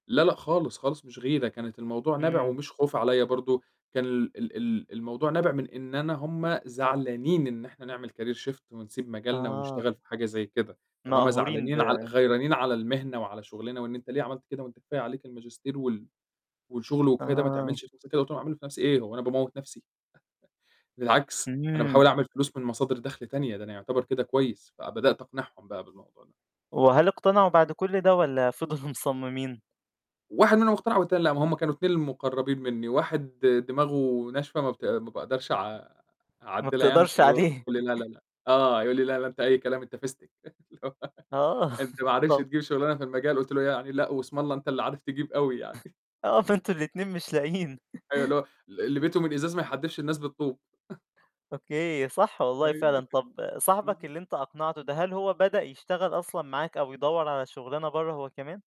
لا، لأ، خالص خالص مش غيرة، كانت الموضوع نابع امم. ومش خوف عليا برضو كان ال ال ال الموضوع نابع من إن أنا هُم زعلانين إن إحنا نعمل Career Shift ونسيب مجالنا آه. ونشتغل في حاجة زي كده، طالما مقهورين ب زعلانين عل غيرانين على المهنة وعلى شغلنا وإن أنت ليه عملت كده؟ وأنت كفاية عليك الماجستير وال والشغل وكفاية ده ما آه. تعملش في نفسك كده وتقع منه، في نفسي إيه؟ هو أنا باموت نفسي! بالعكس، أنا باحاول امم. أعمل فلوس من مصادر دخل تانية ده أنا يعتبر كده كويس، فبدأت أقنعهم بقى بالموضوع ده. وهل اقتنعوا بعد كل ده والّا فضلوا مصممين؟ واحد منهم اقتنع والتاني لأ، ما هُم كانوا اتنين اللي مقربين مني، واحد دماغه ناشفة ما بت ما باقدرش أع ما أعدلها يعني، بتقدرش فاللي هو عليه. يقول لي: "لا، لا، لأ" آه، يقول لي: "لا، لا أنت أي كلام، أنت فستك." اللي هو آه. "أنت ما عرفتش طبع تجيب شغلانة في المجال" قُلت له يعني: "لأ، واسم الله أنت اللي عارف تجيب أوي يعني!" آه، فأنتم الاتنين مش لاقيين أيوه اللي هو ال اللي بيته من إزاز ما يحدفش الناس بالطوب. أوكي، صح والله فعلًا أيوه طب صاحبك بالضبط. اللي أنت أقنعته ده، هل هو بدأ يشتغل أصلًا معاك أو يدوّر على شغلانة برّا هو كمان؟